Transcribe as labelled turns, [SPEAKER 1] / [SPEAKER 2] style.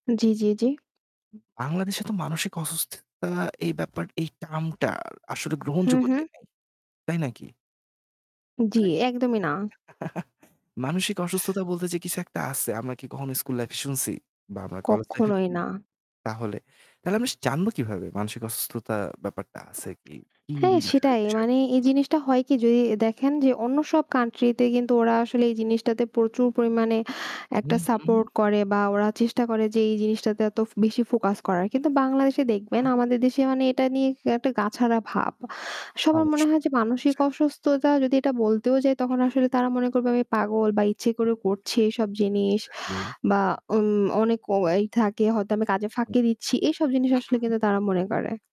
[SPEAKER 1] জ্বি, জ্বি, জ্বি।
[SPEAKER 2] উ বাংলাদেশে তো মানসিক অসুস্থতা এই ব্যাপার এই টার্মটা আসলে
[SPEAKER 1] হু,
[SPEAKER 2] গ্রহণযোগ্যতাই
[SPEAKER 1] হু।
[SPEAKER 2] নেই। তাই নাকি?
[SPEAKER 1] জ্বি,
[SPEAKER 2] মানে
[SPEAKER 1] একদমই না।
[SPEAKER 2] মানসিক অসুস্থতা বলতে যে কিছু একটা আছে, আমরা কি কখনো স্কুল লাইফ এ শুনছি বা আমরা কলেজ লাইফ এ
[SPEAKER 1] কখনোই
[SPEAKER 2] কি?
[SPEAKER 1] না।
[SPEAKER 2] তাহলে, তাহলে আমরা জানব কীভাবে মানসিক অসুস্থতার ব্যাপারটা আছে কি? উম
[SPEAKER 1] হ্যাঁ,
[SPEAKER 2] কি
[SPEAKER 1] সেটাই
[SPEAKER 2] আশয়-বিষয়।
[SPEAKER 1] মানে এই জিনিসটা হয় কি যদি দেখেন যে অন্য সব কান্ট্রিতে কিন্তু ওরা আসলে এই জিনিসটাতে প্রচুর পরিমাণে
[SPEAKER 2] হু,
[SPEAKER 1] একটা
[SPEAKER 2] হু।
[SPEAKER 1] সাপোর্ট করে বা ওরা চেষ্টা
[SPEAKER 2] উ
[SPEAKER 1] করে
[SPEAKER 2] হু।
[SPEAKER 1] যে এই জিনিসটাতে এত ব বেশি ফোকাস করার। কিন্তু বাংলাদেশে
[SPEAKER 2] উ
[SPEAKER 1] দেখবেন
[SPEAKER 2] হুম।
[SPEAKER 1] আমাদের দেশে মানে
[SPEAKER 2] হু।
[SPEAKER 1] এটা নিয়ে একটা গাছাড়া ভাব। সবার মনে
[SPEAKER 2] অবশ্যই।
[SPEAKER 1] হয় যে মানসিক
[SPEAKER 2] জি।
[SPEAKER 1] অসুস্থতা যদি এটা বলতেও যাই,
[SPEAKER 2] হু,
[SPEAKER 1] তখন
[SPEAKER 2] হু।
[SPEAKER 1] আসলে তারা মনে করবে আমি পাগল বা ইচ্ছে করে করছি এইসব জিনিস
[SPEAKER 2] এক্সাক্টলি।
[SPEAKER 1] বা ওন অনেক এই থাকে হয়তো আমি কাজে
[SPEAKER 2] হু,
[SPEAKER 1] ফাঁকি দিচ্ছি, এইসব জিনিস আসলে
[SPEAKER 2] হুম।
[SPEAKER 1] কিন্তু তারা মনে করে।